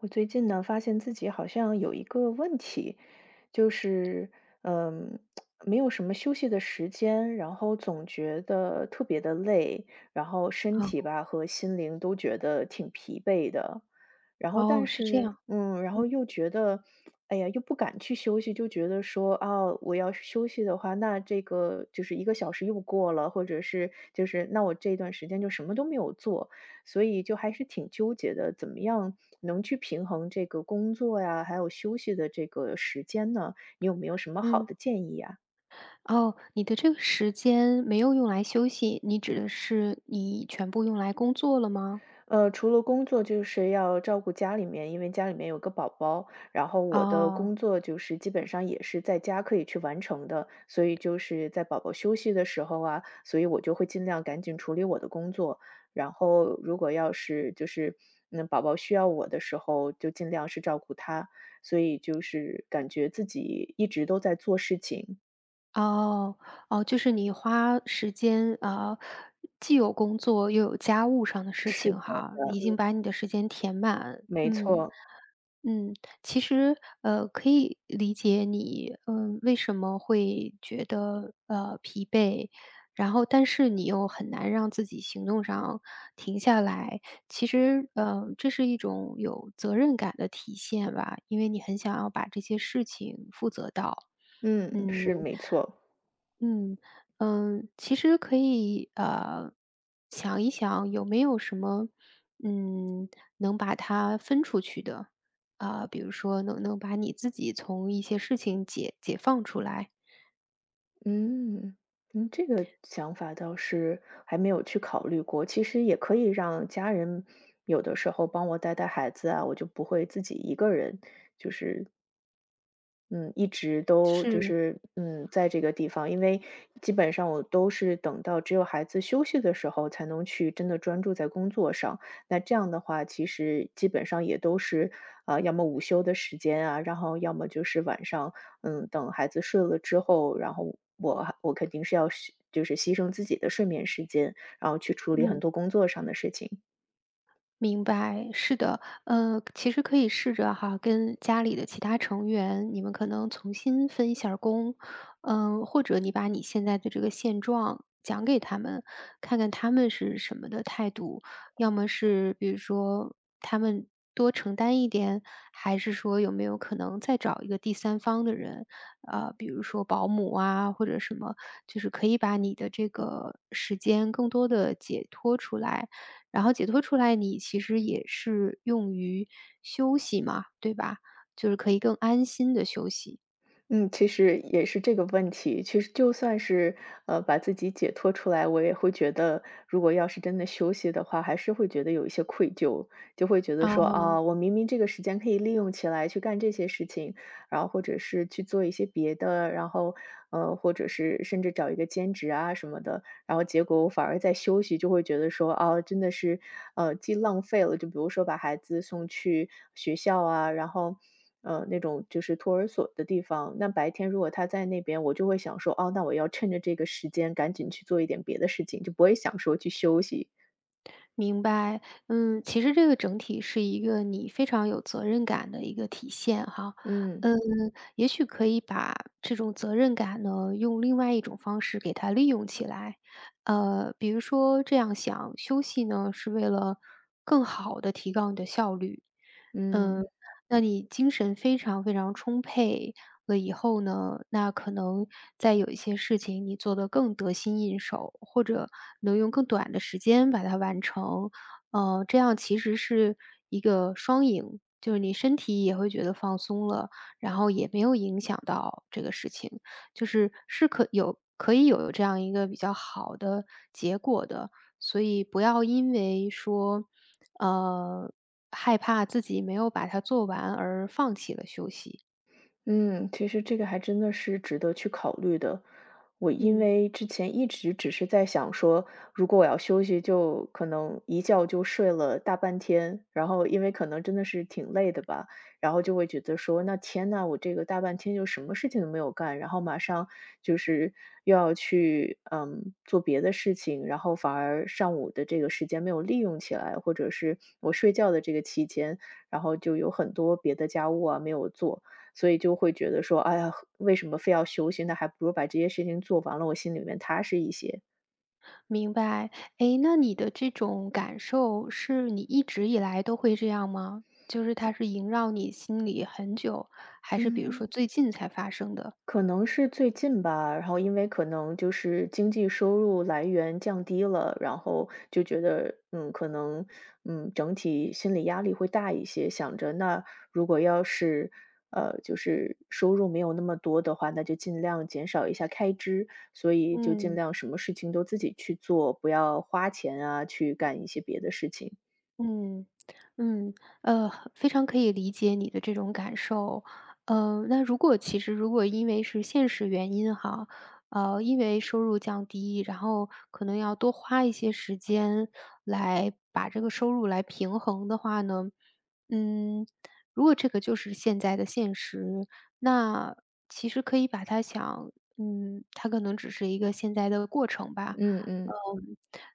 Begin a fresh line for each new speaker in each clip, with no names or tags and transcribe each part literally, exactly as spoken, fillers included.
我最近呢，发现自己好像有一个问题，就是，呃，没有什么休息的时间，然后总觉得特别地累，然后身
嗯。
体吧和心灵都觉得挺疲惫的。然后
哦，
但
是这
是
样，
嗯，然后
嗯。
又觉得，哎呀，又不敢去休息，就觉得说，啊，我要是休息的话，那这个就是一个小时又过了，或者是，就是那我这段时间就什么都没有做，所以就还是挺纠结的，怎么样能去平衡这个工作呀，还有休息的这个时间呢？你有没有什么好的
嗯。
建议呀？
哦，你的这个时间没有用来休息，你指的是你全部用来工作了吗？
呃，除了工作就是要照顾家里面，因为家里面有个宝宝，然后我的工
哦。
作就是基本上也是在家可以去完成的，所以就是在宝宝休息的时候啊，所以我就会尽量赶紧处理我的工作，然后如果要是就是，嗯，宝宝需要我的时候，就尽量是照顾他，所以就是感觉自己一直都在做事情。
哦，哦，就是你花时间，呃，既有工作又有家务上的事
是
情
这
哈，
样的，
已经
嗯。
把你的时间填满。
没
嗯，
错。
嗯，其实，呃，可以理解你，呃，为什么会觉得，呃，疲惫，然后但是你又很难让自己行动上停下来，其实，呃，这是一种有责任感的体现吧，因为你很想要把这些事情负责到，
嗯，
嗯。
是，没错。
嗯，呃，其实可以，呃，想一想有没有什么，嗯，能把它分出去的，呃，比如说能不能把你自己从一些事情解解放出来。
嗯，你这个想法倒是还没有去考虑过，其实也可以让家人有的时候帮我带带孩子啊，我就不会自己一个人，就是嗯，一直都就
是。
是，嗯，在这个地方。因为基本上我都是等到只有孩子休息的时候，才能去真的专注在工作上。那这样的话，其实基本上也都是，啊，要么午休的时间啊，然后要么就是晚上，嗯，等孩子睡了之后，然后我还我肯定是要休就是牺牲自己的睡眠时间，然后去处理很
嗯。
多工作上的事情。
明白，是的。呃，其实可以试着哈，跟家里的其他成员，你们可能从新分一下儿工，呃，或者你把你现在的这个现状讲给他们，看看他们是什么的态度。要么是比如说他们多承担一点，还是说有没有可能再找一个第三方的人，呃，比如说保姆啊或者什么，就是可以把你的这个时间更多地解脱出来，然后解脱出来你其实也是用于休息嘛，对吧？就是可以更安心地休息。
嗯，其实也是这个问题，确实就算是，呃，把自己解脱出来，我也会觉得如果要是真的休息的话，还是会觉得有一些愧疚，就会觉得说，
哦。
啊，我明明这个时间可以利用起来去干这些事情，然后或者是去做一些别的，然后，呃，或者是甚至找一个兼职啊什么的，然后结果我反而在休息，就会觉得说，哦，真的是，呃，既浪费了就比如说把孩子送去学校啊，然后，呃，那种就是托儿所的地方，那白天如果他在那边，我就会想说，哦，那我要趁着这个时间，赶紧去做一点别的事情，就不会想说去休息。
明白，嗯，其实这个整体是一个你非常有责任感的一个体现哈，
嗯。
嗯，也许可以把这种责任感呢，用另外一种方式给它利用起来。呃，比如说这样想，休息呢，是为了更好地提高你的效率。呃，
嗯。
那你精神非常非常充沛了以后呢，那可能再有一些事情你做得更得心应手，或者能用更短的时间把它完成。呃，这样其实是一个双赢，就是你身体也会觉得放松了，然后也没有影响到这个事情，就是是可有可以有这样一个比较好的结果的。所以不要因为说，呃，害怕自己没有把它做完而放弃了休息。
嗯，其实这个还真的是值得去考虑的。我因
嗯。
为之前一直只是在想说，如果我要休息就可能一觉就睡了大半天，然后因为可能真的是挺累的吧。然后就会觉得说，那天哪，我这个大半天就什么事情都没有干，然后马上就是又要去，呃，做别的事情。然后反而上午的这个时间没有利用起来，或者是我睡觉的这个期间，然后就有很多别的家务啊，没有做。所以就会觉得说：“哎呀，为什么非要休息呢，那还不如把这些事情做完了，我心里面踏实一些。”
明白，哎，那你的这种感受是你一直以来都会这样吗？就是它是萦绕你心里很久，还是比如说
嗯。
最近才发生的？
可能是最近吧，然后因为可能就是经济收入来源降低了，然后就觉得，嗯，可能，嗯，整体心理压力会大一些，想着那如果要是呃，就是收入没有那么多的话，那就尽量减少一下开支，所以就尽
嗯。
量什么事情都自己去做，不要花钱啊，去干一些别的事情。
嗯，嗯。呃，和非常可以理解你的这种感受，呃，那如果其实如果因为是现实原因哈，呃，因为收入降低，然后可能要多花一些时间，来把这个收入来平衡的话呢，嗯，如果这个就是现在的现实，那其实可以把它想嗯，它可能只是一个现在的过程吧。
嗯
呃，
嗯。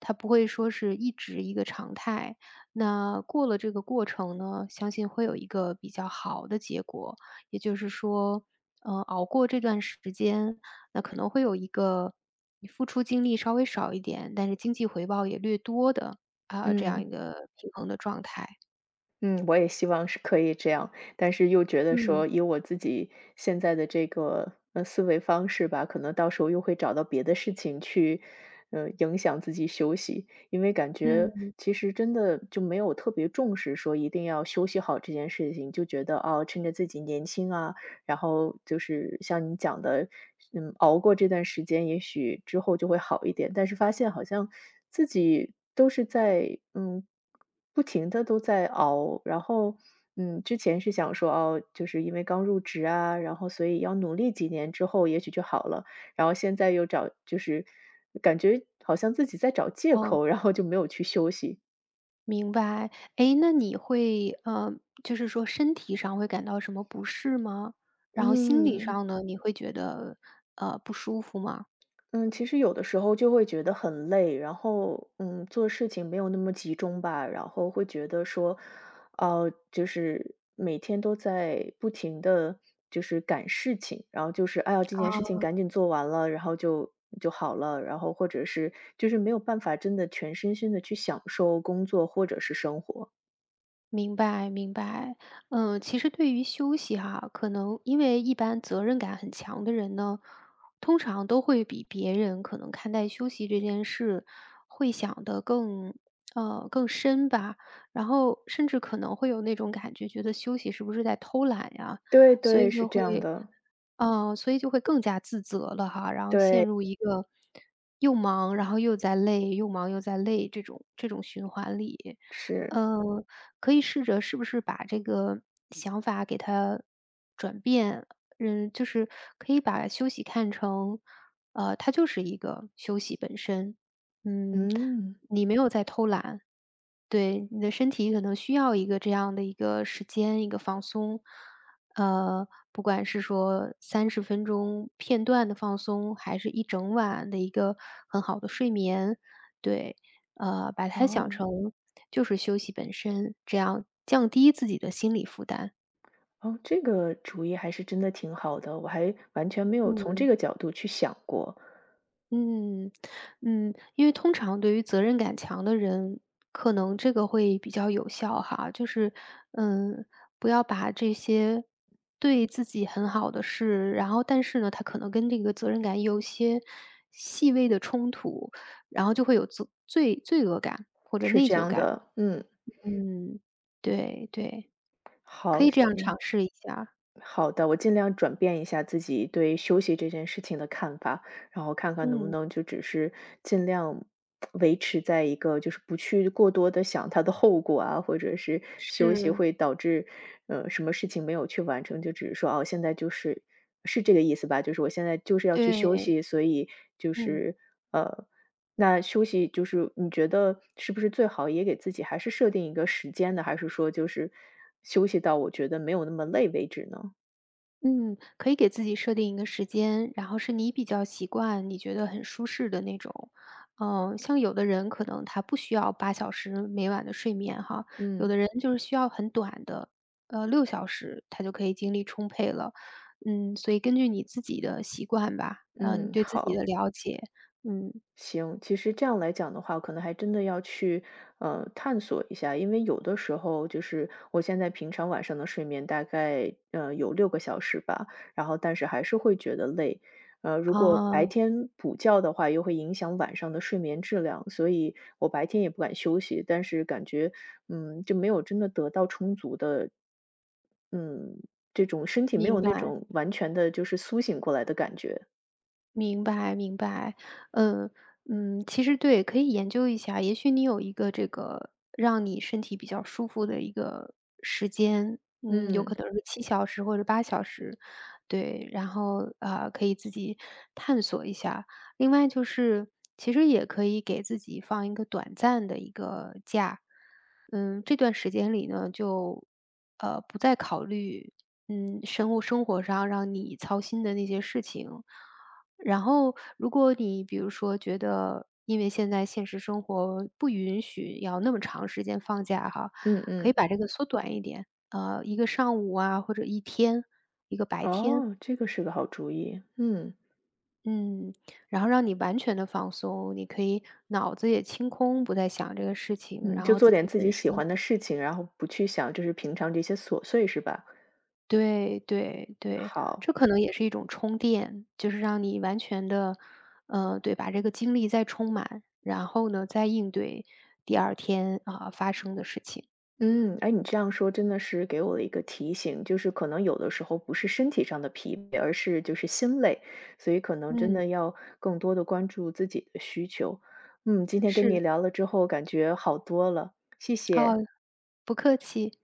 它不会说是一直一个常态，那过了这个过程呢，相信会有一个比较好的结果，也就是说，呃，熬过这段时间，那可能会有一个你付出精力稍微少一点，但是经济回报也略多的，呃，这样一
嗯。
个平衡的状态。
嗯，我也希望是可以这样，但是又觉得
嗯。
说，以我自己现在的这个，呃，思维方式吧，可能到时候又会找到别的事情去，呃，影响自己休息。因为感觉，
嗯。
其实真的就没有特别重视，说一定要休息好这件事情，就觉得，啊，趁着自己年轻啊，然后就是像你讲的，嗯，熬过这段时间，也许之后就会好一点，但是发现好像，自己都是在，嗯，不停地都在熬，然后，嗯，之前是想说，哦，就是因为刚入职啊，然后所以要努力几年之后，也许就好了，然后现在又找就是感觉好像自己在找借
哦。
口，然后就没有去休息。
明白，哎，那你会呃，就是说身体上会感到什么不适吗？然后心理
嗯。
上呢，你会觉得，呃，不舒服吗？
嗯，其实有的时候就会觉得很累，然后，嗯，做事情没有那么集中吧。然后会觉得说，啊，就是，每天都在不停地就是赶事情，然后就是，哎呀，这件事情
哦。
赶紧做完了，然后就就好了，然后或者是就是没有办法真的全身心地去享受工作或者是生活。
明白明白。呃，其实对于休息哈，可能因为一般责任感很强的人呢，通常都会比别人可能看待休息这件事，会想得更呃，更深吧。然后甚至可能会有那种感觉，觉得休息是不是在偷懒呀。
对
所以
对，
就
是这
会
样的。
呃，所以就会更加自责了哈。然后陷
对。
入一个，又忙，然后又在累又忙又在累这种这种循环里。
是。
呃，可以试着是不是把这个想法给它转变，嗯，就是，可以把休息看成，呃，它就是一个休息本身。嗯，
嗯。
你没有在偷懒，对，你的身体可能需要一个这样的一个时间、一个放松。呃，不管是说三十分钟片段的放松，还是一整晚的一个很好的睡眠。对，呃，把它想
哦。
成，就是休息本身。这样，降低自己的心理负担。
哦，这个主意还是真的挺好的，我还完全没有从这
嗯。
个角度去想过。
嗯，嗯。因为通常对于责任感强的人，可能这个会比较有效哈。就是，呃，不要把这些，对自己很好的事，然后但是呢，他可能跟这个责任感有些细微的冲突，然后就会有责罪罪恶感或者
是
内
这
疚
样
感。
的，嗯。
嗯，对，对。可
好，
以这样尝
行。
试一下。
好的，我尽量转变一下自己对休息这件事情的看法，然后看看能不
嗯。
能就只是，尽量 维持在一个，就是不去过多地想它的后果啊，或者是休息
是。
会导致，呃，什么事情没有去完成，就只是说，啊，现在就是是这个意思吧？就是我现在就是要去休
对。
息，所以就
嗯。
是，呃，那休息就是你觉得，是不是最好也给自己还是设定一个时间呢？还是说就是，休息到我觉得没有那么累为止呢？
嗯，可以给自己设定一个时间，然后是你比较习惯、你觉得很舒适的那种，呃，像有的人可能他不需要八小时每晚的睡眠哈，有
嗯。
的人就是需要很短的，呃，六小时他就可以精力充沛了。嗯，所以根据你自己的习惯吧，呃，你
嗯，
对自己的
好。
了解，嗯。
行，其实这样来讲的话，可能还真的要去，呃，探索一下。因为有的时候就是，我现在平常晚上的睡眠大概，呃，有六个小时吧，然后但是还是会觉得累。呃，如果白
啊。
天补觉的话，又会影响晚上的睡眠质量，所以我白天也不敢休息，但是感觉，嗯，就没有真的得到充足的嗯，这种身体没有
明
那
白。
种完全的，就是苏醒过来的感觉。
明白明白，呃，嗯。其实，对，可以研究一下，也许你有一个这个让你身体比较舒服的一个时间，嗯，有可
嗯。
能是七小时或者八小时，对，然后，呃，可以自己探索一下。另外就是，其实也可以给自己放一个短暂的一个假，呃，这段时间里呢，就，呃，不再考虑，嗯，生物生活上让你操心的那些事情。然后如果你比如说觉得因为现在现实生活不允许要那么长时间放假哈，
嗯
可以把
嗯。
这个缩短一点，呃，一个上午啊，或者一天、一个白天。
哦，这个是个好主意，嗯。
嗯，然后让你完全地放松，你可以脑子也清空，不再想这个事情，
嗯，
然
就
后
做
自
点
己
自
本
己喜
身
欢的事情，然后不去想就是平常这些琐碎，是吧？
对对对，
好。
这可能也是一种充电，就是让你完全的呃，对，把这个精力再充满。然后呢，再应对第二天，呃，发生的事情。
嗯，哎，你这样说真的是给我了一个提醒，就是可能有的时候不是身体上的疲惫，而是就是心累，所以可能真
嗯。
的要更多地关注自己的需求。嗯，今天跟
是。
你聊了之后，感觉好多了，谢
啊，
谢。
不客气。